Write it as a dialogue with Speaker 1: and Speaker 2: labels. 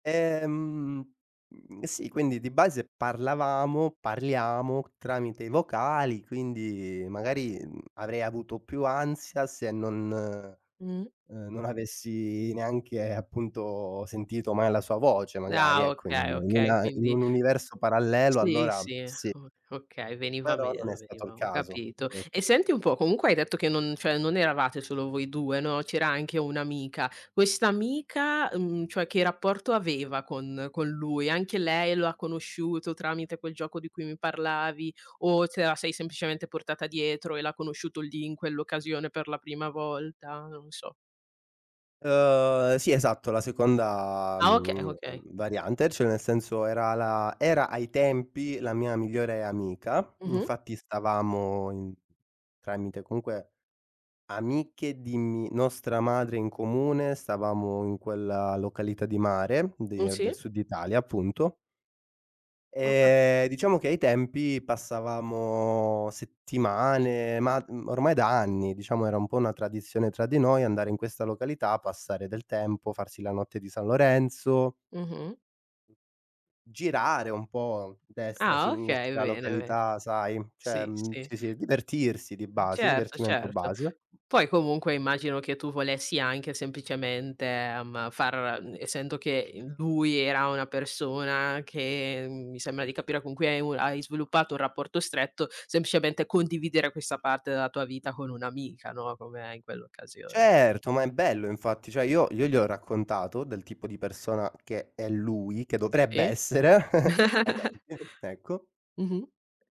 Speaker 1: Ehm, mhmm, sì quindi di base parlavamo, parliamo tramite i vocali, quindi magari, mhmm, avrei avuto più ansia se non, uhm,
Speaker 2: Mh.
Speaker 1: non avessi neanche appunto sentito mai la sua voce, magari
Speaker 2: Ah
Speaker 1: ecco, in un
Speaker 2: okay,
Speaker 1: in
Speaker 2: okay,
Speaker 1: una in
Speaker 2: quindi
Speaker 1: un universo parallelo
Speaker 2: Sì,
Speaker 1: allora
Speaker 2: sì,
Speaker 1: sì
Speaker 2: o okay, veniva
Speaker 1: però non
Speaker 2: meno,
Speaker 1: è stato il
Speaker 2: veniva ho
Speaker 1: caso,
Speaker 2: capito.
Speaker 1: sì.
Speaker 2: E senti un po', comunque hai detto che non cioè non eravate solo voi 2, no, c'era anche un'amica. Quest'amica, uhm, cioè che rapporto aveva con con lui? Anche lei lo ha conosciuto tramite quel gioco di cui mi parlavi, o te la sei semplicemente portata dietro e l'ha conosciuto lì, in quell'occasione per la prima volta? Non so.
Speaker 1: Uhm, sì esatto, la seconda,
Speaker 2: Ah okay,
Speaker 1: mhmm,
Speaker 2: okay.
Speaker 1: variante, cioè nel senso era la era ai tempi la mia migliore amica,
Speaker 2: Mh-mh.
Speaker 1: infatti stavamo in tramite comunque, amiche di mi nostra madre in comune, stavamo in quella località di mare, di
Speaker 2: Un
Speaker 1: del
Speaker 2: sì.
Speaker 1: Sud Italia, appunto
Speaker 2: Ho
Speaker 1: e
Speaker 2: capit
Speaker 1: diciamo che ai tempi passavamo settimane, ma d ormai da anni, diciamo era un po' una tradizione tra di noi andare in questa località, passare del tempo, farsi la notte di San Lorenzo
Speaker 2: Mh-mh.
Speaker 1: girare un po' destra,
Speaker 2: Ah okay,
Speaker 1: sinistra,
Speaker 2: bene, be
Speaker 1: località, sai? Cioè,
Speaker 2: sì,
Speaker 1: mhmm,
Speaker 2: sì.
Speaker 1: ci si divertirsi di base,
Speaker 2: Certo,
Speaker 1: divertimento
Speaker 2: certo.
Speaker 1: base.
Speaker 2: Poi comunque immagino che tu volessi anche semplicemente, ehm, far n essendo che, uhm, lui era una persona che, mi sembra di capire con cui hai un hai sviluppato un rapporto stretto, semplicemente condividere questa parte della tua vita con un'amica, no, come in quell'occasione.
Speaker 1: Certo, ma è bello infatti, cioè io io gli ho raccontato del tipo di persona che è lui, che dovrebbe
Speaker 2: E?
Speaker 1: essere, ai temp ecco.
Speaker 2: Mh-mh.